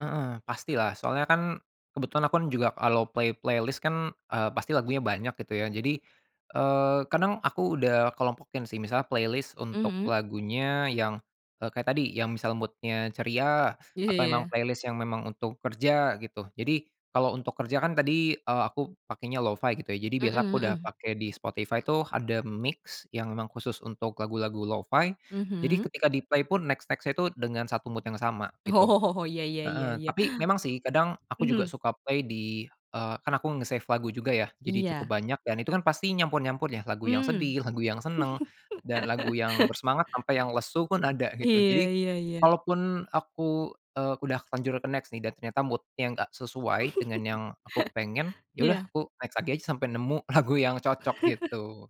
Heeh, pastilah soalnya kan kebetulan aku kan juga kalau play playlist kan, eee, pasti lagunya banyak gitu ya jadi, eee, kadang aku udah kelompokin sih misalnya playlist untuk lagunya yang, eee, kayak tadi yang misal mood-nya ceria atau memang playlist yang memang untuk kerja gitu. Jadi kalau untuk kerja kan tadi, eee, aku pakainya lo-fi gitu ya jadi biasa aku udah pakai di Spotify tuh ada mix yang memang khusus untuk lagu-lagu lo-fi jadi Mhm. ketika di-play pun next-next-nya itu dengan satu mood yang sama gitu, Oh iya iya iya heeh, iya, tapi memang sih kadang aku juga mhm. suka play di eee, kan aku nge-save lagu juga ya jadi cukup Iya. banyak dan itu kan pasti nyampur-nyampur ya lagu yang Hmm. sedih, lagu yang seneng, dan lagu yang bersemangat sampai yang lesu pun ada gitu Iya jadi iya iya. walaupun aku, eee, udah terlanjur ke-next nih dan ternyata mood-nya nggak sesuai dengan yang aku pengen, yaudah Iya. aku next lagi aja sampai nemu lagu yang cocok gitu.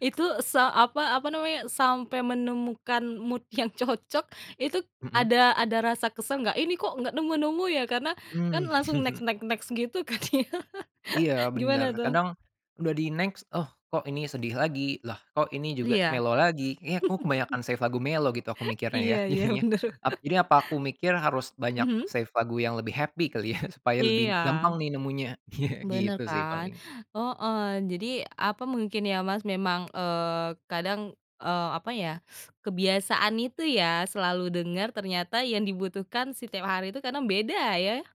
Itu sa apa apa namanya sampai menemukan mood yang cocok itu Mhm. ada ada rasa kesel nggak ini kok nggak nemu-nemu ya? Karena kan langsung next, next, next gitu kan ya, Iya bener, gimana tuh? kadang udah di next oh, kok ini sedih lagi lah kok ini juga Iya. melow lagi eh, kok kebanyakan save lagu mellow gitu aku mikirnya Iya ya iya, jadinya bener. jadi apa aku mikir harus banyak Mhm. save lagu yang lebih happy kali ya, supaya lebih gampang Iya. nih nemunya, Bener gitu sih kan, paling. heeh, jadi apa mungkin ya, Mas, memang, eee, kadang, eee, apa ya, kebiasaan itu ya selalu denger ternyata yang dibutuhkan setiap hari itu kadang beda ya.